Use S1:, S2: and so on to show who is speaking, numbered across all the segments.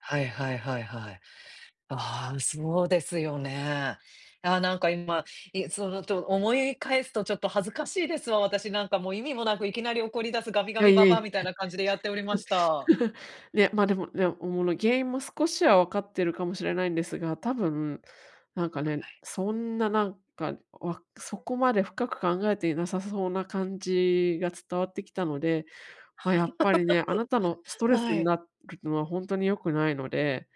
S1: はいはいはいはい。ああ、そうですよね。ああ、なんか今いそのと思い返すとちょっと恥ずかしいですわ、私なんかもう意味もなくいきなり怒り出すガミ
S2: い
S1: ガ
S2: や
S1: ミ
S2: い
S1: ばばあ
S2: え。
S1: みたいな感じでやっておりました。
S2: ね、ま、でもね、おもの、原因も少しは分かってるかもしれないんですが、多分なんか
S1: は
S2: ね、
S1: い。
S2: そんな何か、わ、そこまで深く考えていなさそうな感じが伝わってきたので、ま、やっぱりね、あなたのス トレス
S1: は
S2: に
S1: い。
S2: なるのはほんとに良くないので、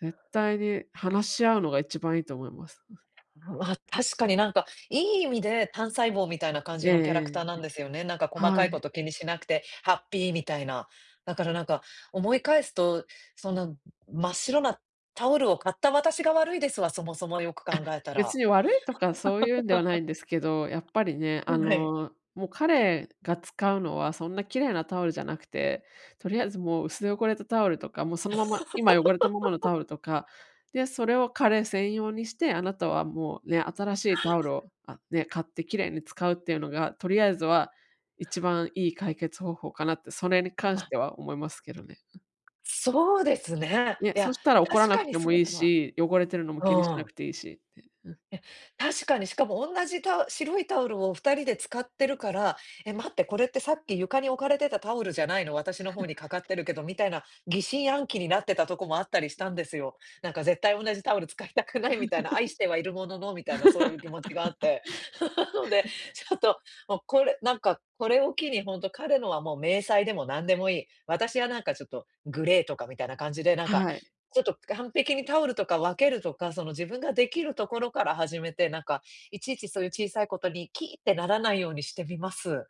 S2: 絶対に話し合うのが一番いいと思います。うん。
S1: う、ま、確かになんか、いい意味で単細胞みたいな感
S2: え
S1: じ
S2: え
S1: のキャラクターな
S2: え
S1: んで
S2: え。
S1: すよね。なんか細
S2: は
S1: かいこ
S2: い。
S1: と気にしなくてハッピーみたいな。だからなんか思い返すと、そんな、真っ白なタオルを買った私が悪いですわ、そもそもよく
S2: あ、
S1: 考えた
S2: 別
S1: ら。
S2: に悪いとかそういうんではないんですけど、やっぱりね、あ
S1: はい。
S2: の、もう彼が使うのはそんな綺麗なタオルじゃなくて、とりあえずもう薄汚れたタオルとか、もうそのまま、今汚れたままのタ オルとか、で、それを彼専用にして、あなたはもうね、新しいタオル を、あ、ね、買って綺麗に使うっていうのが、とりあえずは、一番いい解決方法かなって、それに関し
S1: あ。
S2: ては思いますけどね、うん。
S1: そうですね。
S2: ね、
S1: い
S2: そ
S1: や、
S2: したら怒ら
S1: 確
S2: な
S1: か
S2: く
S1: に
S2: て
S1: そ
S2: も
S1: う
S2: いい
S1: だわ。
S2: し、汚れてるのも気にしな
S1: う
S2: く
S1: ん。
S2: ていいしって。うん。
S1: え、確かに、しかもおんなじタオ白いタオルを二人で使ってるから、「え、待って、これってさっき床に置かれてたタオルじゃないの？私の方にかかってるけ ど」みたいな、疑心暗鬼になってたとこもあったりしたんですよ。なんか絶対同じタオル使いたくないみたいな、愛してはいるもののみたいなそういう気持ちがあって、なので、ちょっともうこれ、なんか、これを機にほんと、彼のはもう迷細でもなんでもいい。私はなんかちょっとグレーとかみたいな感じで、なんか、
S2: はい。
S1: ちょっと完璧にタオルとか分けるとか、その、自分が出来るところから始めて、なんか、いちいちそういう小さいことに「キー！」ってならないようにしてみます。